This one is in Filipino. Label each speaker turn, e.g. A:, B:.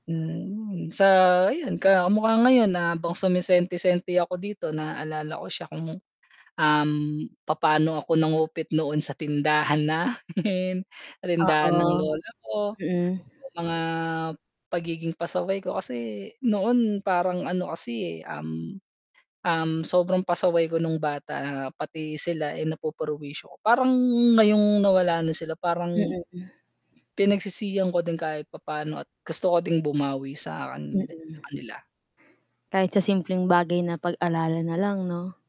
A: Hmm, sa ayun ka kamukha ngayon habang sumisenti-senti ako dito naalala ko siya kung, um, papaano ako nangupit noon sa tindahan namin tindahan ng
B: Oo.
A: lola ko,
B: Mm.
A: yung mga pagiging pasaway ko kasi noon parang ano kasi, um, um, sobrang pasaway ko nung bata pati sila ay napupurwisyo ko parang ngayong nawala na sila parang
B: Mm.
A: pinagsisihan ko din kahit papa'no at gusto ko din bumawi sa
B: Mm.
A: kandin sa kanila
B: Kahit sa simpleng bagay na pag-alala nalang 'no?